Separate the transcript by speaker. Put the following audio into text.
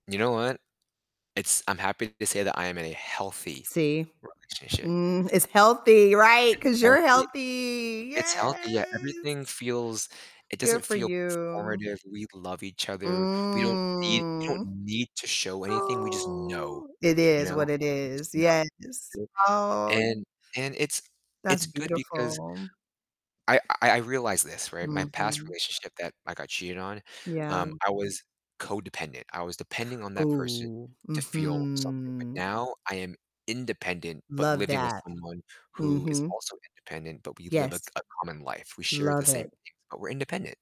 Speaker 1: You know what? It's I'm happy to say that I am in a healthy
Speaker 2: See?
Speaker 1: relationship.
Speaker 2: Mm, it's healthy, right?
Speaker 1: It's
Speaker 2: 'Cause you're
Speaker 1: healthy,
Speaker 2: healthy.
Speaker 1: it's healthy, yeah,
Speaker 2: Yes!
Speaker 1: everything feels it doesn't
Speaker 2: Good for
Speaker 1: feel
Speaker 2: you.
Speaker 1: performative, we love each other, we don't need we don't
Speaker 2: Mm.
Speaker 1: need to show anything, we just know,
Speaker 2: Oh, it
Speaker 1: you
Speaker 2: is
Speaker 1: know?
Speaker 2: what it
Speaker 1: We just
Speaker 2: is, yes.
Speaker 1: know, and
Speaker 2: Oh
Speaker 1: and and it's
Speaker 2: that's
Speaker 1: it's good because
Speaker 2: beautiful.
Speaker 1: I I I realize this, right, my past
Speaker 2: Mhm.
Speaker 1: relationship that I got cheated on,
Speaker 2: Yeah.
Speaker 1: um, I was codependent, I was depending on that person
Speaker 2: Ooh,
Speaker 1: to feel something, but
Speaker 2: mhm.
Speaker 1: now I am independent, but
Speaker 2: Love
Speaker 1: living with
Speaker 2: that.
Speaker 1: someone who is
Speaker 2: Mhm.
Speaker 1: also independent, but we live a c
Speaker 2: Yes.
Speaker 1: a common life, we share the
Speaker 2: Love
Speaker 1: same
Speaker 2: it.
Speaker 1: things, but we're independent